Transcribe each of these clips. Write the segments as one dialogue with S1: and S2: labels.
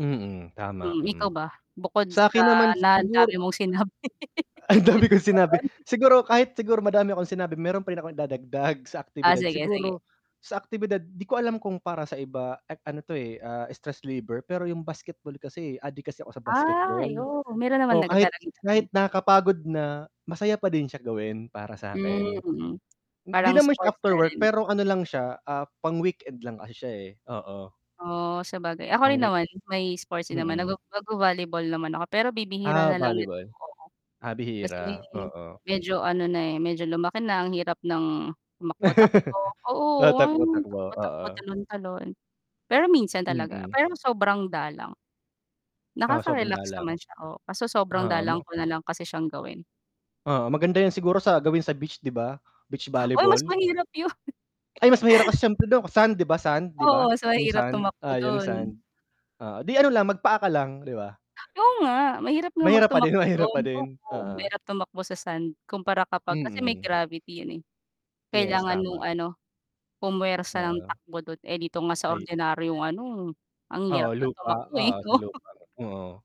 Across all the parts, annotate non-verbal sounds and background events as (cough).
S1: Mm, tama,
S2: Mm, ikaw
S1: mm.
S2: ba? Bukod sa
S1: Sa'kin naman
S2: na ang dami
S1: siguro
S2: mong sinabi.
S1: Ang dami kong sinabi,
S2: (giggles) (unintelligible)
S1: siguro kahit siguro madami akong sinabi meron pa rin akong dadagdag sa
S2: Ah,
S1: aktibidad
S2: sige, sige.
S1: siguro, sa aktibidad 'di ko alam kung para sa iba an an ano to eh, ah, stress reliever pero yung basketball kasi, eh, adik kasi ako sa basketball.
S2: Ay oh, meron naman
S1: Oh,
S2: nag
S1: kahit,
S2: talagang
S1: kahit
S2: nag-ano.
S1: nakakapagod na, masaya pa din siya gawin para sakin.
S2: Hmm,
S1: 'Di
S2: parang
S1: naman siya
S2: sports
S1: after
S2: na
S1: work
S2: rin.
S1: pero ano lang siya, ah, pang weekend lang kasi siya eh, oo.
S2: Oo, sabagay. Ako
S1: Pang
S2: rin
S1: week,
S2: naman, may sports din naman nago
S1: mm.
S2: nagvo-volleyball naman ako pero bibihira
S1: Ah,
S2: nalang nito,
S1: volleyball.
S2: oo.
S1: Ah,
S2: Kasi
S1: bihira, oo.
S2: medyo ano na eh, medyo lumaki na ang hirap ng tumakbo-takbo,
S1: (laughs)
S2: oo,
S1: Ah, takbo, takbo,
S2: takbo-takbo,
S1: oo.
S2: talon-talon, pero minsan talaga,
S1: Mm.
S2: pero sobrang dalang.
S1: Oh, sobrang
S2: Nakaka-relax
S1: dalang.
S2: naman siya o kaso sobrang
S1: Ha
S2: dalang
S1: mo.
S2: ko nalang kasi siyang gawin.
S1: Oo, maganda yan siguro sa gawin sa beach 'di ba? Beach
S2: Oy, mas
S1: volleyball.
S2: mahirap yun. (chuckles)
S1: Ay, mas mahirap kasi sIyempre dun sand, 'di ba sand, 'di
S2: Oo,
S1: ba?
S2: mas
S1: Yung
S2: mahirap
S1: sand,
S2: tumakbo
S1: oh yung
S2: dun.
S1: sand. Oo, 'di ano lang, magpaa ka lang 'di ba.
S2: Oo nga, mahirap nga mag
S1: Mahirap pa din,
S2: tumakbo
S1: mahirap
S2: dun,
S1: pa din,
S2: oo.
S1: oo.
S2: Mahirap tumakbo sa sand, kumpara kapag kasi may
S1: Mm.
S2: gravity yun eh.
S1: Yes,
S2: Kailangan nung
S1: tama.
S2: ano, pumwersa ng
S1: Oo
S2: takbo dun, eh dito nga sa
S1: Ay.
S2: ordinaryong ano, ang
S1: Oo,
S2: hirap ng
S1: lupa,
S2: tumakbo eh.
S1: oo sa
S2: (laughs)
S1: lupa. Oo.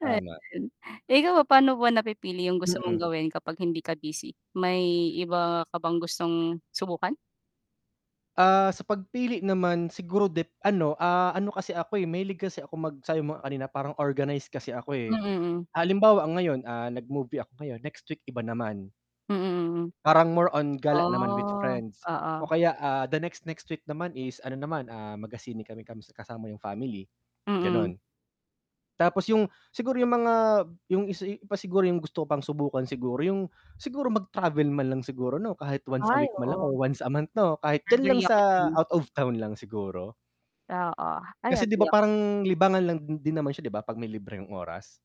S1: Tama.
S2: Ayun. Ikaw ba paano ba napipili yung gusto mong
S1: Mm.
S2: gawin kapag hindi ka busy? May iba ka bang gustong subukan?
S1: Ah, sa pagpili naman siguro de ano, ah, ano kasi ako mahilig kasi ako mag sabi mo nga kanina parang organize kasi ako
S2: Mm,
S1: eh.
S2: mm.
S1: Ah, halimbawa ang ngayon, ah, nag-movie ako ngayon, next week iba naman.
S2: Mm, mm.
S1: Parang more on gala naman with
S2: Ah,
S1: friends, o
S2: oo.
S1: kaya, ah, the next next week naman is ano naman, ah, magsine kami kasama yung family,
S2: Mm.
S1: ganon. Tapos yung, siguro yung mga yung isa pa siguro yung gusto ko pang subukan siguro yung, siguro mag-travel man lang siguro 'no, kahit once a
S2: Ay,
S1: week man lang o
S2: oo.
S1: once a month 'no. Kahit diyan lang
S2: Agree ako
S1: sa
S2: diyan.
S1: out of town lang siguro.
S2: Oo, ay
S1: Kasi 'di ba
S2: agree ako.
S1: parang libangan lang din naman siya 'di ba pag may libreng oras.